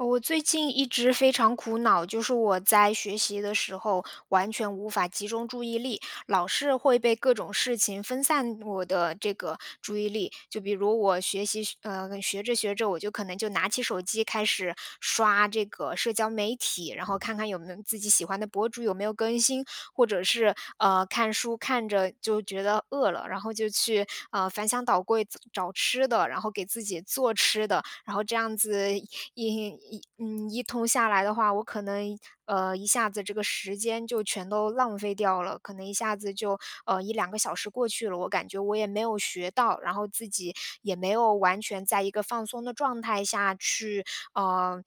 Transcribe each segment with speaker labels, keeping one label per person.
Speaker 1: 呃，我最近一直非常苦恼，就是我在学习的时候，完全无法集中注意力，老是会被各种事情分散我的这个注意力。就比如我学习学呃，学着学着，我就可能就拿起手机开始刷这个社交媒体，然后看看有没有自己喜欢的博主有没有更新。或者是，呃，看书看着就觉得饿了，然后就去，呃，翻箱倒柜子找吃的，然后给自己做吃的。然后这样子一一一嗯，一通下来的话，我可能一呃，一下子这个时间就全都浪费掉了，可能一下子就，呃，1、2个小时过去了，我感觉我也没有学到。然后自己也没有完全在一个放松的状态下去，呃，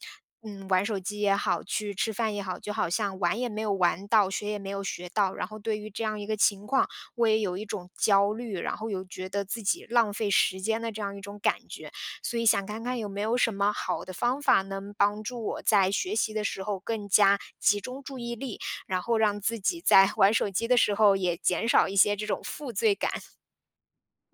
Speaker 1: 嗯，玩手机也好，去吃饭也好。就好像玩也没有玩到，学也没有学到。然后对于这样一个情况，我也有一种焦虑，然后有觉得自己浪费时间的这样一种感觉。所以想看看有没有什么好的方法，能帮助我在学习的时候更加集中注意力，然后让自己在 玩手机的时候也减少一些这种负罪感？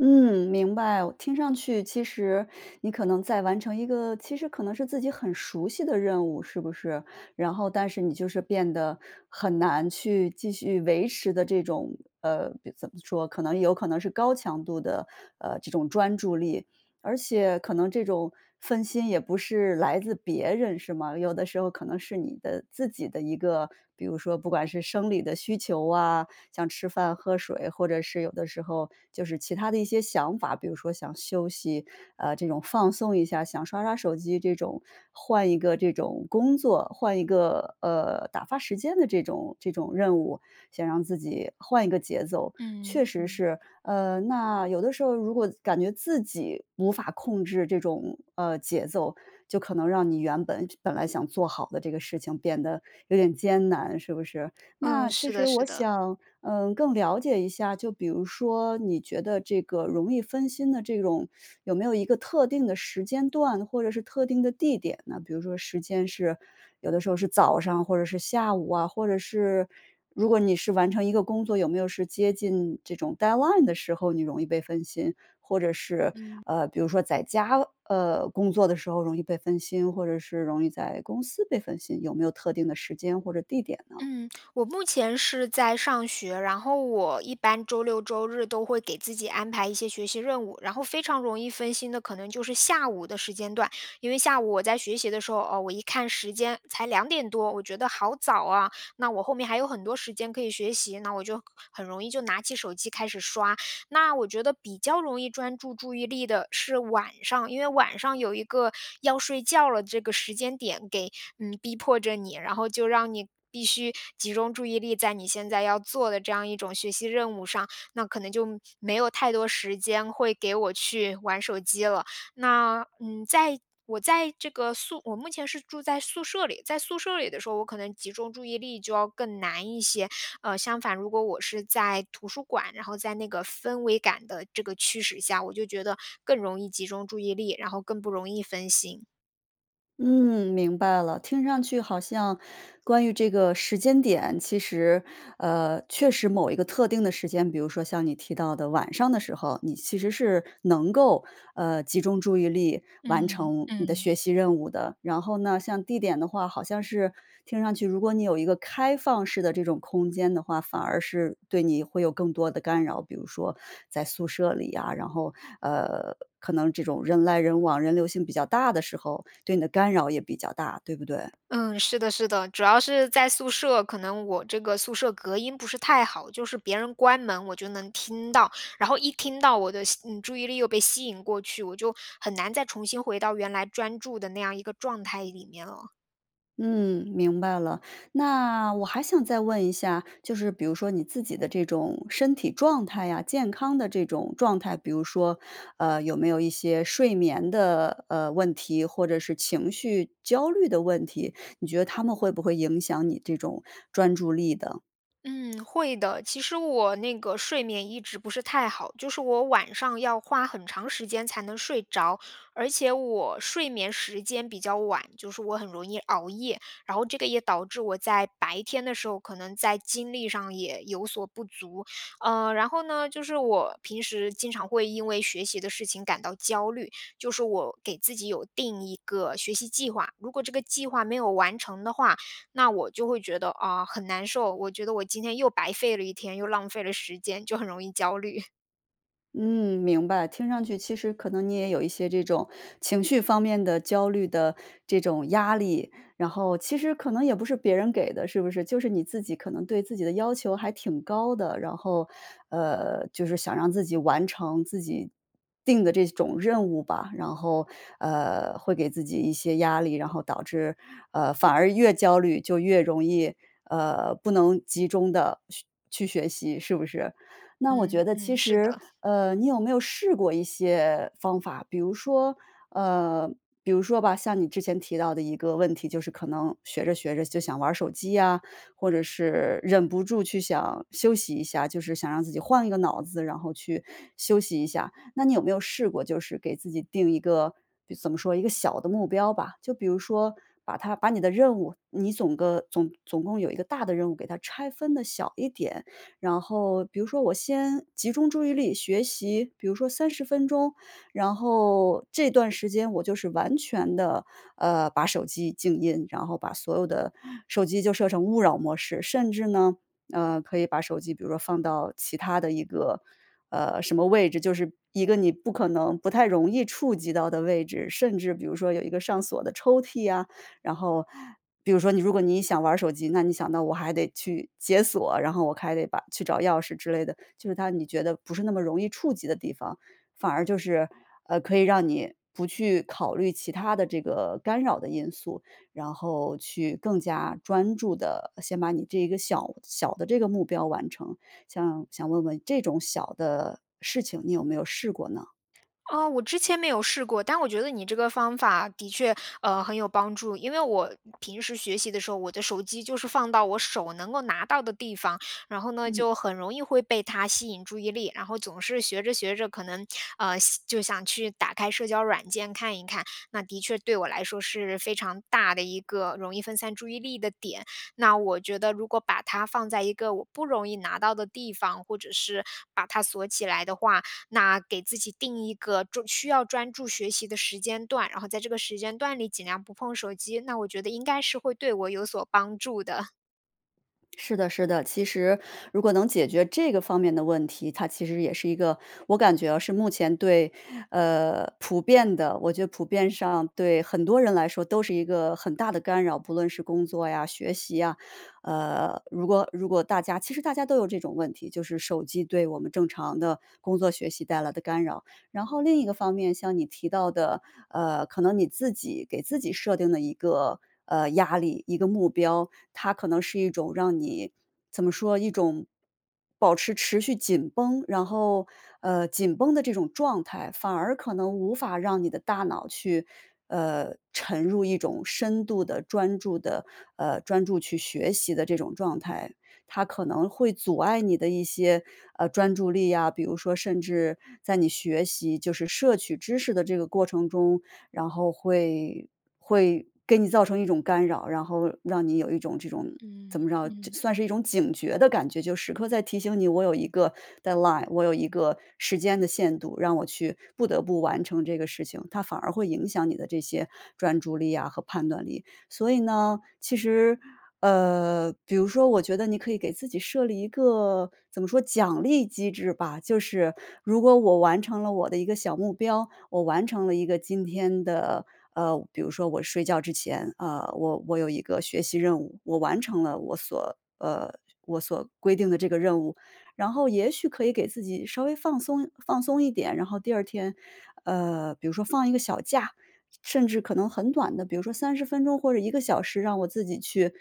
Speaker 2: 嗯，明白，我听上去其实你可能在完成一个其实可能是自己很熟悉的任务是不是？然后但是你就是变得很难去继续维持的这种呃，比怎么说，可能有可能是高强度的，呃，这种专注力。而且可能这种分心也不是来自别人是吗？有的时候可能是你的自己的一个比如说不管是生理的需求啊，像吃饭喝水，或者是有的时候，就是其他的一些想法，比如说想休息，啊，这种放松一下，想刷刷手机这种，换一个这种工作，换一个，呃，打发时间的这种这种任务，想让自己换一个节奏。确
Speaker 1: 嗯，
Speaker 2: 实
Speaker 1: 嗯。
Speaker 2: 是，嗯，那有的时候如果自感觉自己无法控制这种，呃，节奏，就可能让你原本就本来想做好的这个事情变得有点艰难，是不是？
Speaker 1: 嗯，
Speaker 2: 那其
Speaker 1: 是的
Speaker 2: 实
Speaker 1: 是
Speaker 2: 我
Speaker 1: 的。
Speaker 2: 想，嗯，更了解一下，就比如说，你觉得这个容易分心的这种，有没有一个特定的时间段，或者是特定的地点呢？比如说时间是，有的时候是早上或者是下午啊，或者是，如果你是完成一个工作有没有是接近这种 deadline 的时候，你容易被分心？或者是，
Speaker 1: 嗯。
Speaker 2: 呃，比如说在家，呃，工作的时候容易被分心，或者是容易在公司被分心，有没有特定的时间或者地点呢？
Speaker 1: 嗯，我目前是在上学。然后我一般周六周日都会给自己安排一些学习任务，然后非常容易分心的可能就是下午的时间段。因为下午我在学习的时候，哦，我一看时间才2点多，我觉得好早啊，那我后面还有很多时间可以学习，那我就很容易就拿起手机开始刷。那我觉得比较容易专注注意力的是晚上，因为晚上有一个要睡觉了这个时间点给嗯，逼迫着你，然后就让你必须集中注意力在你现在要做的这样一种学习任务上，那可能就没有太多时间会给我去玩手机了。那，嗯，在我在这个宿我目前是住在宿舍里，在宿舍里的时候，我可能集中注意力就要更难一些。呃，相反如果我是在图书馆，然后在那个氛围感的这个驱使下，我就觉得更容易集中注意力，然后更不容易分心。
Speaker 2: 嗯，明白了。听上去好像关于这个时间点，其实，呃，确实某一个特定的时间，比如说像你提到的晚上的时候，你其实是能够，呃，集中注意力完
Speaker 1: 嗯，
Speaker 2: 成你的
Speaker 1: 嗯。
Speaker 2: 学习任务的。然后呢，像地点的话，好像是听上去，如果你有一个开放式的这种空间的话，反而是对你会有更多的干扰。比如说在宿舍里呀，然后，呃，可能这种人来人往，人流性比较大的时候，对你的干扰也比较大，对不对？
Speaker 1: 嗯，是的是的。主要是在宿舍，可能我这个宿舍隔音不是太好，就是别人关门，我就能听到。然后一听到我的吸嗯，注意力又被吸引过去，我就很难再重新回到原来专注的那样一个状态里面了。
Speaker 2: 嗯，明白了。那我还想再问一下，就是比如说你自己的这种身体状态啊，健康的这种状态，比如说，呃，有没有一些睡眠的，呃，问题，或者是情绪焦虑的问题，你觉得它们会不会影响你这种专注力的？
Speaker 1: 嗯，会的。其实我那个睡眠一直不是太好，就是我晚上要花很长时间才能睡着。而且我睡眠时间比较晚，就是我很容易熬夜。然后这个也导致我在白天的时候，可能在精力上也有所不足。呃，然后呢，就是我平时经常会因为学习的事情感到焦虑。就是我给自己有定一个学习计划，如果这个计划没有完成的话，那我就会觉得，啊，很难受，我觉得我今天又白费了一天，又浪费了时间，就很容易焦虑。
Speaker 2: 嗯，明白。听上去其实可能你也有一些这种情绪方面的焦虑的这种压力，然后其实可能也不是别人给的，是不是？就是你自己可能对自己的要求还挺高的。然后，呃，就是想让自己完成自己定的这种任务吧。然后，呃，会给自己一些压力，然后导致，呃，反而越焦虑就越容易，呃，不能集中地去去学习，是不是？那我
Speaker 1: 嗯
Speaker 2: 觉得
Speaker 1: 嗯，
Speaker 2: 其
Speaker 1: 是
Speaker 2: 实，
Speaker 1: 的。
Speaker 2: 呃，你有没有试过一些方法，比如说呃，比如说吧，像你之前提到的一个问题，就是可能学着学着就想玩儿手机呀，或者是忍不住去想休息一下，就是想让自己换一个脑子，然后去休息一下。那你有没有试过，就是给自己定一个比怎么说，一个小的目标吧。就比如说，把它把你的任务，你总个总总共有一个大的任务给它拆分得小一点。然后比如说我先集中注意力学习，比如说30分钟，然后这段时间我就是完全地，呃，把手机静音，然后把所有的手机就设成勿扰模式。甚至呢，呃，可以把手机比如说放到其他的一个，呃，什么位置，就是一个你不可能不太容易触及到的位置，甚至比如说有一个上锁的抽屉啊。然后，比如说你如果你想玩儿手机，那你想到我还得去解锁，然后我还得把去找钥匙之类的，就是它你觉得不是那么容易触及的地方。反而就是，呃，可以让你不去考虑其他的这个干扰的因素，然后去更加专注地先把你这一个小小的这个目标完成。想想问问这种小的事情，你有没有试过呢？
Speaker 1: 啊，我之前没有试过。但我觉得你这个方法的确，呃，很有帮助。因为我平时学习的时候，我的手机就是放到我手能够拿到的地方，然后呢，
Speaker 2: 嗯。
Speaker 1: 就很容易会被它吸引注意力。然后总是学着学着可能，呃，想就想去打开社交软件看一看。那的确对我来说是非常大的一个容易分散注意力的点。那我觉得如果把它放在一个我不容易拿到的地方，或者是把它锁起来的话，那给自己定一个专需要专注学习的时间段，然后在这个时间段里尽量不碰手机，那我觉得应该是会对我有所帮助的。
Speaker 2: 是的是的，其实如果能解决这个方面的问题，它其实也是一个我感觉啊，是目前对呃，普遍的我觉得普遍上对很多人来说都是一个很大的干扰。不论是工作呀，学习啊，呃，如果如果大家其实大家都有这种问题，就是手机对我们正常的工作学习带来的干扰。然后另一个方面，像你提到的，呃，可能你自己给自己设定了一个，呃，压力、一个目标，它可能是一种让你怎么说，一种保持持续紧绷。然后，呃，紧绷的这种状态，反而可能无法让你的大脑去，呃，沉入一种深度的专注的，呃，专注去学习的这种状态。它可能会阻碍你的一些，呃，专注力啊，比如说甚至在你学习就是摄取知识的这个过程中，然后会会给你造成一种干扰，然后让你有一种这种，怎
Speaker 1: 嗯，
Speaker 2: 么着，
Speaker 1: 嗯。
Speaker 2: 算是一种警觉的感觉，就时刻在提醒你，我有一个 dead line，我有一个时间的限度，让我去不得不完成这个事情。它反而会影响你的这些专注力啊，和判断力。所以呢，其实，呃，比如说我觉得你可以给自己设立一个，怎么说，奖励机制吧。就是，如果我完成了我的一个小目标，我完成了一个今天的呃，比如说我睡觉之前，呃，我我有一个学习任务，我完成了我所呃，我所规定的这个任务，然后也许可以给自己稍微放松放松一点。然后第二天，呃，比如说放一个小假，甚至可能很短的，比如说30分钟或者1个小时让我自己去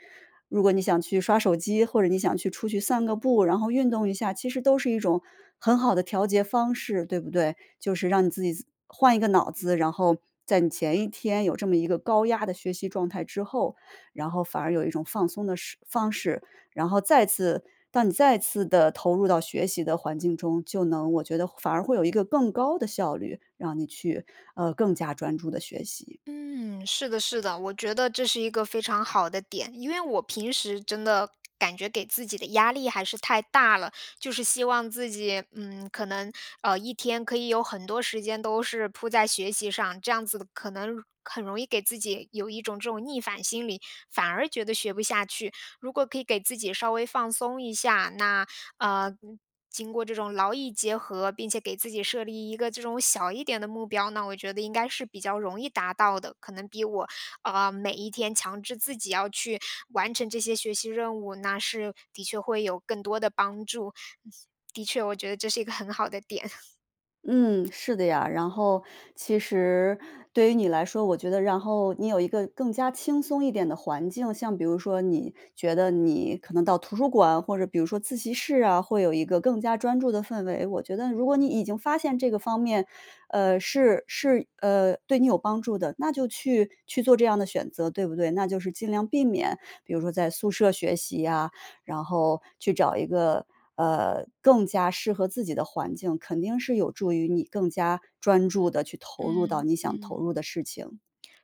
Speaker 2: 如果你想去刷手机，或者你想去出去散个步，然后运动一下，其实都是一种很好的调节方式，对不对？就是让你自己换一个脑子，然后在你前一天有这么一个高压的学习状态之后，然后反而有一种放松的式方式，然后再次到你再次地投入到学习的环境中，就能我觉得反而会有一个更高地效率，让你去，呃，更加专注地学习。
Speaker 1: 嗯，是的是的。我觉得这是一个非常好的点，因为我平时真的感觉给自己的压力还是太大了，就是希望自己，嗯，可能，呃，一天可以有很多时间都是铺在学习上，这样子可能，很容易给自己有一种这种逆反心理，反而觉得学不下去。如果可以给自己稍微放松一下，那，呃，经过这种劳逸结合，并且给自己设立一个这种小一点的目标，那我觉得应该是比较容易达到的，可能比我，呃，每一天强制自己要去完成这些学习任务，那是的确会有更多的帮助，的的确我觉得这是一个很好的点。
Speaker 2: 嗯，是的呀。然后其实对于你来说，我觉得然后你有一个更加轻松一点的环境，像比如说，你觉得你可能到图书馆，或者比如说自习室啊，会有一个更加专注的氛围，我觉得如果你已经发现这个方面。呃，是是呃，对你有帮助的，那就去去做这样的选择，对不对？那就是尽量避免，比如说在宿舍学习呀，然后去找一个，呃，更加适合自己的环境，肯定是有助于你更加专注地去投入到，
Speaker 1: 嗯
Speaker 2: 你想投
Speaker 1: 嗯。
Speaker 2: 入的事情。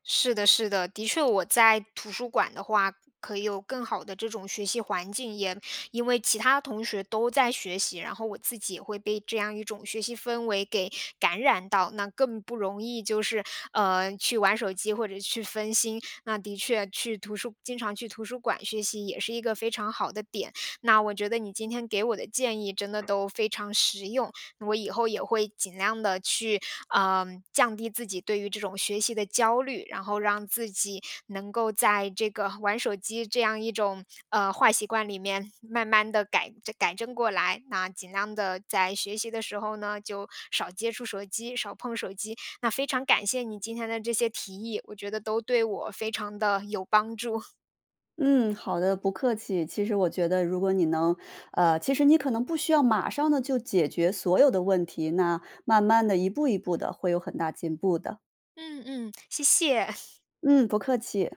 Speaker 1: 是的是的，的确我在图书馆的话，可以有更好的这种学习环境，也，因为其他同学都在学习，然后我自己也会被这样一种学习氛围给感染到。那更不容易，就是，呃，去玩手机或者去分心。那的确，去图书经常去图书馆学习，也是一个非常好的点。那我觉得，你今天给我的建议，真的都非常实用。我以后也会尽量地去，嗯，降低自己对于这种学习的焦虑。然后让自己能够在这个玩手机这样一种，呃，坏习惯里面慢慢地改正改正过来。那尽量地在学习的时候呢，就少接触手机、少碰手机。那非常感谢你今天的这些提议，我觉得都对我非常地有帮助。
Speaker 2: 嗯，好的，不客气。其实我觉得如果你能呃，其实你可能不需要马上地就解决所有的问题，那慢慢地一步一步的，会有很大进步的。
Speaker 1: 嗯嗯，谢谢。
Speaker 2: 嗯，不客气。